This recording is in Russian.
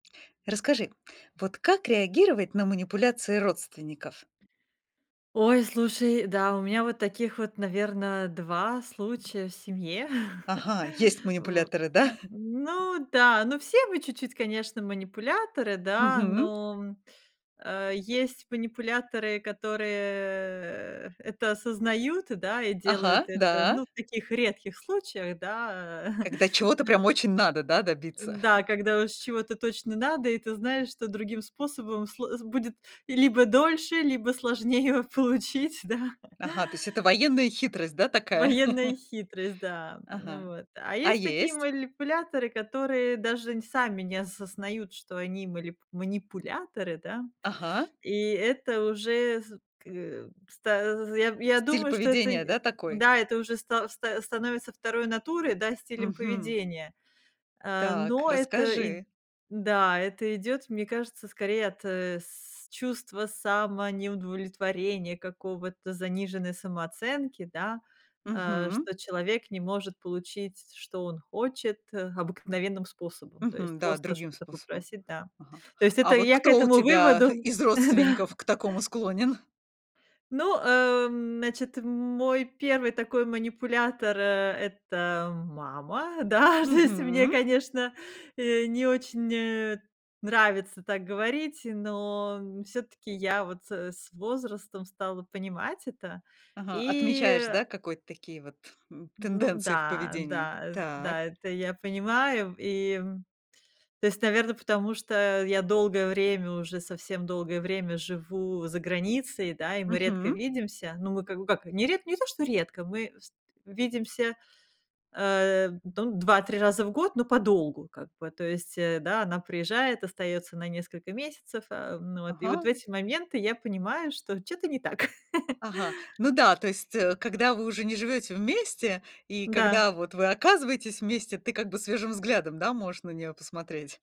Расскажи, вот как реагировать на манипуляции родственников? Ой, слушай, да, у меня вот таких вот, наверно, 2 случая в семье. Ага, есть В манипуляторы, н да? ну да, но все мы чуть-чуть, конечно, манипуляторы, да, Мгм. но, м э, есть манипуляторы, которые, э, это осознают, да, и делают Ага, это, да. ну, в таких редких случаях, да. Э, Когда чего-то нэ прям очень надо, да, добиться. Да, когда уж чего-то точно надо и ты знаешь, что другим способом сл будет либо дольше, либо сложнее получить, да. Ага, то есть это военная хитрость, да, такая? Военная хитрость, да. Ага. М, вот. А А есть такие есть? манипуляторы, которые даже н сами не осознают, что они малип манипуляторы, да. Ага. И это уже з к э, ста з з я я Стиль думаю, что это поведения, не да, такой? Да, это уже ста ста становится второй натурой, да, стилем Мгм. поведения. Э, Так, но это ид расскажи. Да, это идёт, мне кажется, скорее от, э, с чувства самонеудовлетворения какого-то, заниженной самооценки, да, э, Мгм. что человек не может получить, что он хочет, э, М. обыкновенным способом, то есть Мгм. Да, просто другим что-то способом, попросить, да. ага. То есть это А вот я к кто у этому тебя выводу, из э, да. родственников к такому склонен? Ну, эм, значит, мой первый такой манипулятор, э, это мама. Да, то есть мне, Мгм. конечно, э, не очень, э, нравится так говорить, но н всё-таки я вот, э, с возрастом стала понимать это, Ага, и, отмечаешь, э да, какое-то такие вот, м, Ну тенденции в да, поведении. да, Так. да, это я понимаю. И, м, то есть, наверно, потому что я долгое время уже, совсем долгое время живу за границей, да, и мы редко Мгм. видимся. Ну, мы как бы как не ред не то что редко, мы вст видимся, э, ну, 2-3 раза в год, но подолгу как бы. То есть, э, да, она приезжает, остаётся на несколько месяцев. Э, ну вот, и вот в Ага, и эти моменты я понимаю, что чё-то не так. Ага, ну да, то есть, э, когда вы уже не живете вместе, и Да. когда вот вы оказываетесь вместе, ты как бы свежим взглядом, да, можешь на неё посмотреть.